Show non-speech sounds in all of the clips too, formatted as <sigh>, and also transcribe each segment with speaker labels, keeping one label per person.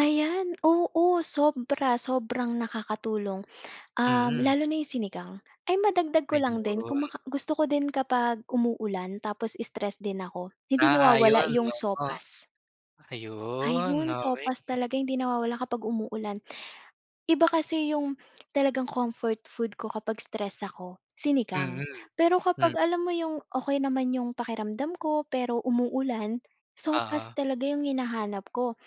Speaker 1: Ayan, oo. Sobra, sobrang nakakatulong, um,
Speaker 2: Mm.
Speaker 1: lalo na yung sinigang. Ay madagdag ko lang din kuma
Speaker 2: Ayun.
Speaker 1: gusto ko din kapag umuulan tapos stress din ako, hindi nawawala
Speaker 2: Naaayon,
Speaker 1: iyong
Speaker 2: oo.
Speaker 1: sopas.
Speaker 2: Ayun,
Speaker 1: Ayun,
Speaker 2: okey.
Speaker 1: sopas talaga hindi nawawala kapag umuulan. Iba kasi yung talagang comfort food ko kapag stress ako,
Speaker 2: Mm,
Speaker 1: sinigang. Pero kapag
Speaker 2: m
Speaker 1: alam mo yung okey naman yung pakiramdam ko, pero umuulan,
Speaker 2: Oo.
Speaker 1: sopas talaga yung hinahanap ko.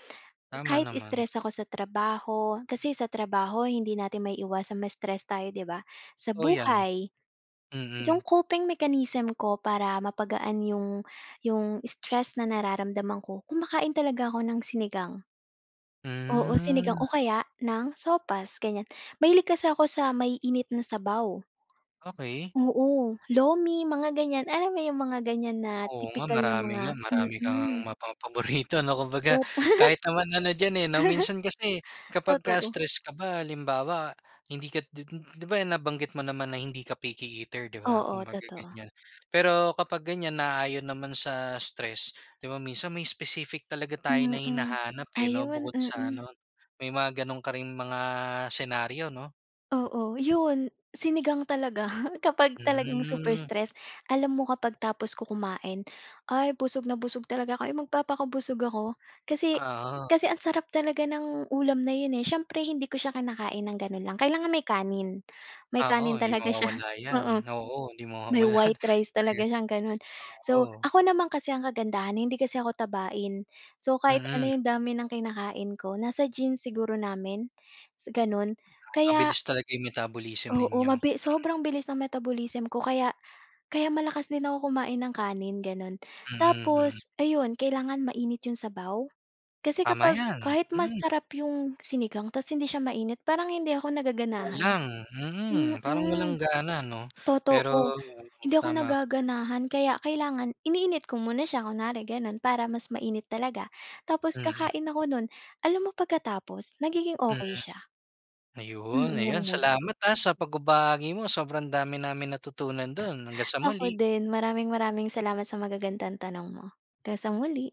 Speaker 2: Tama
Speaker 1: Kahit
Speaker 2: naman.
Speaker 1: stress ako sa trabaho kasi sa trabaho hindi natin maiiwasan ma-stress tayo di ba? Sa
Speaker 2: O 'yan,
Speaker 1: buhay. Yung
Speaker 2: mm.
Speaker 1: coping mechanism ko para mapagaan yung, yung stress na nararamdaman ko, kumakain talaga ako ng sinigang. Oo, sinigang
Speaker 2: Hmm.
Speaker 1: o kaya ng sopas, ganyan. Mahilig kasi ako sa maiinit na sabaw.
Speaker 2: Okey.
Speaker 1: Oo, lomi mga ganyan. Alam mo yung mga ganyan na
Speaker 2: Oo nga,
Speaker 1: tipikal na
Speaker 2: marami
Speaker 1: mga
Speaker 2: nga, marami ka ngang
Speaker 1: mm.
Speaker 2: mapa paborito <snorts> ano. Kumbaga
Speaker 1: Tot
Speaker 2: kahit naman ano diyan, eh, 'no. Minsan kasi
Speaker 1: <laughs>
Speaker 2: kapag ka
Speaker 1: totoo.
Speaker 2: stress ka ba halimbawa, hindi ka di di ba nabanggit mo naman na hindi ka picky eater di ba,
Speaker 1: Oo,
Speaker 2: kumbaga
Speaker 1: totoo.
Speaker 2: ganyan. Pero kapag ganyan naayon naman sa stress di ba minsan may specific talaga tayo na
Speaker 1: Mm,
Speaker 2: hinahanap, eh, 'no
Speaker 1: ayun,
Speaker 2: bukod sa
Speaker 1: mm.
Speaker 2: ano, may mga gano'n ka ring mga senaryo 'no?
Speaker 1: Oo, yun. Sinigang talaga <snorts> kapag talagang super
Speaker 2: Mhm.
Speaker 1: stress. Alam mo kapag tapos ko kumain ay busog na busog talaga ako, magpapakabusog ako kasi
Speaker 2: Oo.
Speaker 1: kasi ang sarap talaga ng ulam na yun, eh. Siyempre hindi ko siya kinakain ng gano'n lang, kailangan may kanin. May
Speaker 2: Oo,
Speaker 1: kanin
Speaker 2: hindi
Speaker 1: talaga siya
Speaker 2: mawawala
Speaker 1: <snorts>
Speaker 2: 'yan.
Speaker 1: oo.
Speaker 2: Oo, hindi
Speaker 1: May
Speaker 2: mawawala
Speaker 1: white
Speaker 2: <snorts>
Speaker 1: rice
Speaker 2: talaga
Speaker 1: talaga siyang ganun. So,
Speaker 2: oo.
Speaker 1: ako naman kasi ang kagandahan hindi kasi ako tabain. So, kahit ano
Speaker 2: Mm.
Speaker 1: yung dami ng kinakain ko, nasa genes siguro namin, gano'n
Speaker 2: Ah,
Speaker 1: kaya
Speaker 2: mabilis talaga yung metabolism
Speaker 1: Oo,
Speaker 2: ninyo,
Speaker 1: mabi
Speaker 2: mm.
Speaker 1: sobrang bilis ng metabolism ko kaya kaya malakas din ako kumain ng kanin, gano'n.
Speaker 2: Mm, mm.
Speaker 1: Tapos ayun, kailangan mainit yung sabaw kasi
Speaker 2: Tama
Speaker 1: kapag
Speaker 2: 'yan,
Speaker 1: kahit
Speaker 2: mm.
Speaker 1: masarap yung sinigang tapos hindi siya mainit parang hindi ako nagaganahan.
Speaker 2: Kulang, mm. Parang walang
Speaker 1: Mm,
Speaker 2: gana 'no, pero
Speaker 1: totoo. Hindi ako
Speaker 2: tama ka diyan.
Speaker 1: nagaganahan kaya kailangan iniinit ko muna siya kunwari gano'n para mas mainit talaga. Tapos
Speaker 2: Mhm.
Speaker 1: kakain ako nun. Alam mo pagkatapos, nagiging okey
Speaker 2: Mm,
Speaker 1: siya.
Speaker 2: ayun.
Speaker 1: Mm, yung
Speaker 2: Ayun,
Speaker 1: mood.
Speaker 2: salamat, ah, sa pagbabahagi mo sobrang dami naming natutunan dun. Hanggang sa
Speaker 1: Ako
Speaker 2: muli.
Speaker 1: din. Maraming-maraming salamat sa magagandang tanong mo, 'gang sa muli.